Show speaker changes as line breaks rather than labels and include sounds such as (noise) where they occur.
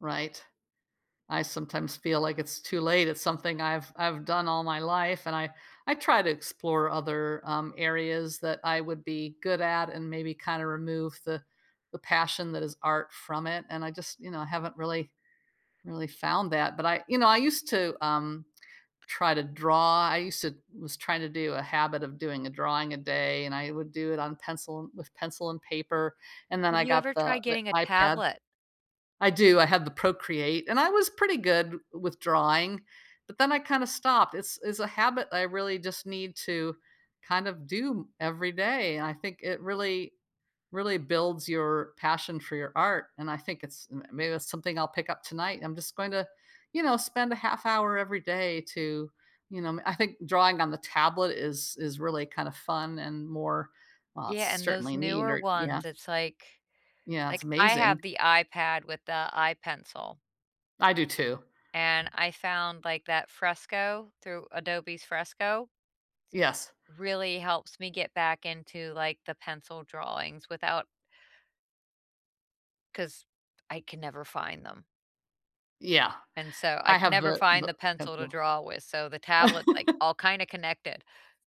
Right? I sometimes feel like it's too late. It's something I've I've done all my life, and I I try to explore other, um, areas that I would be good at, and maybe kinda remove the the passion that is art from it, and I just, you know, haven't really really found that, but I You know, I used to, um, try to draw. I used to was trying to do a habit of doing a drawing a day, and I would do it on pencil with pencil and paper, and then
Have
I
you ever
got the
tried
the
getting a
iPad
tablet?
I do, I have the Procreate, and I was pretty good w with drawing, but then I kinda stopped. It's it's a habit I really just need to kind of do every day, and I think it really really builds your, passion for your art, and I think it's m maybe that's something I'll pick up tonight. I'm just going to, you know, spend a half hour every day to, you know m I think drawing on the tablet is is really kinda fun and more, uh,
Yeah, and those
certainly need
newer
or yeah
ones, it's like
Yeah. It's
like I
amazing.
have the iPad with the iPencil
I do too.
and I found, like, that Fresco, through Adobe's Fresco,
Yes.
really helps me get back into, like, the pencil drawings without 'cause I can never find them.
Yeah.
And so, I
I
can
have
never
the
find
the
the pencil to
pencil.
draw with. So, the tablet's, like,
(laughs)
all kinda connected.